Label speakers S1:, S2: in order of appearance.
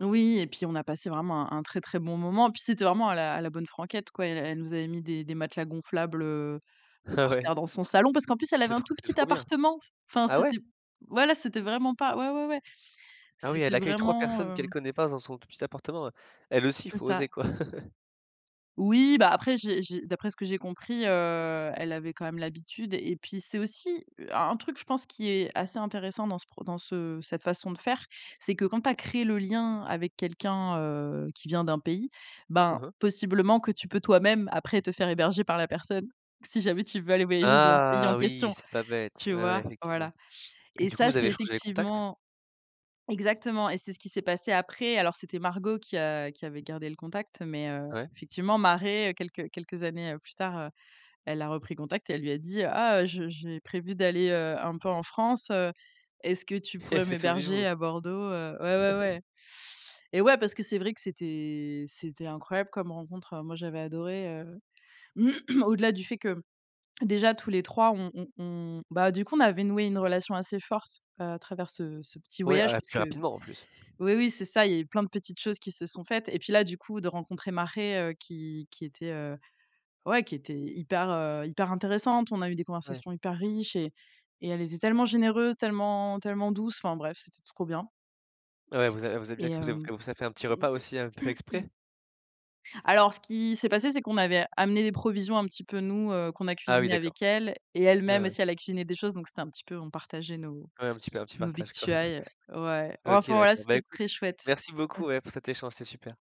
S1: Oui, et puis on a passé vraiment un un très, très bon moment, et puis c'était vraiment à «à la bonne franquette», quoi. Elle nous avait mis des des matelas gonflables, heu, par
S2: Ouais.
S1: terre dans son salon, parce qu'en plus, elle avait
S2: C'est
S1: un
S2: trop
S1: tout
S2: c'est
S1: petit
S2: trop bien.
S1: appartement. Enfin,
S2: Ah, ouais?
S1: c'était voilà, c'était vraiment pas ouais, ouais, ouais.
S2: Ah oui, elle
S1: C'était
S2: accueille 3
S1: vraiment,
S2: personnes qu'elle
S1: heu
S2: connaît pas, dans son tout petit appartement. Elle aussi,
S1: C'est
S2: faut
S1: ça.
S2: oser, quoi?
S1: Oui, bah, après j'ai j'ai d'après ce que j'ai compris, heu, elle avait quand même l'habitude et puis c'est aussi un truc, je pense, qui est assez intéressant dans ce pro dans ce cette façon de faire, c'est que quand tu as créé le lien avec quelqu'un, heu, qui vient d'un pays, ben,
S2: Mmh mh.
S1: possiblement que tu peux toi-même après te faire héberger par la personne si jamais tu veux aller voyager dans le pays en
S2: Ah! Oui,
S1: question,
S2: c'est pas bête,
S1: tu
S2: ouais, ouais,
S1: vois?
S2: effectivement,
S1: Voilà
S2: et
S1: et
S2: du coup,
S1: ça,
S2: vous avez
S1: c'est
S2: échangés les contacts?
S1: effectivement exactement et c'est ce qui s'est passé après alors c'était Margot qui a qui avait gardé le contact, mais heu,
S2: Ouais.
S1: effectivement, Mare, quelques quelques années plus tard, elle a repris contact et elle lui a dit: «Ah, heu, je j'ai prévu d'aller, heu, un peu en France, est-ce que tu
S2: Elle
S1: pourrais
S2: s'est souvenue de
S1: m'héberger
S2: vous!
S1: à Bordeaux?», heu, ouais, ouais, ouais. Eh ouais, parce que c'est vrai que c'était c'était incroyable comme rencontre. Moi, j'avais adoré, heu, au-delà du fait que, déjà tous les 3, on on on bah, du coup, on avait noué une relation assez forte à travers ce ce petit
S2: Ouais,
S1: voyage
S2: ah, et
S1: parce
S2: puis,
S1: que
S2: rapidement, en plus!
S1: oui, oui, c'est ça, il y a eu plein de petites choses qui se sont faites et puis là, du coup, de rencontrer Mare qui qui était, heu, ouais, qui était hyper, heu, hyper intéressante, on a eu des
S2: Ouais.
S1: conversations hyper riches et et elle était tellement généreuse, tellement tellement douce, enfin, bref, c'était trop bien
S2: Ouais, elle vous a elle vous a bien
S1: et
S2: cui elle
S1: hem
S2: vous fait un petit repas aussi, un peu exprès?
S1: alors, ce qui s'est passé, c'est qu'on avait amené des provisions un petit peu, nous, qu'on a
S2: Ah, oui,
S1: cuisiné
S2: d'accord.
S1: avec elle et
S2: Oui,
S1: elle-même,
S2: oui.
S1: aussi, elle a cuisiné des choses, donc c'était un petit peu, on partageait nos
S2: Ouais. Un petit un petit
S1: nos
S2: partage, quoi?
S1: victuailles, ouais,
S2: OK,
S1: enfin, voilà,
S2: d'accord. Bah,
S1: c'était
S2: écoute,
S1: très chouette!
S2: merci beaucoup, ouais, pour cet échange, c'était super.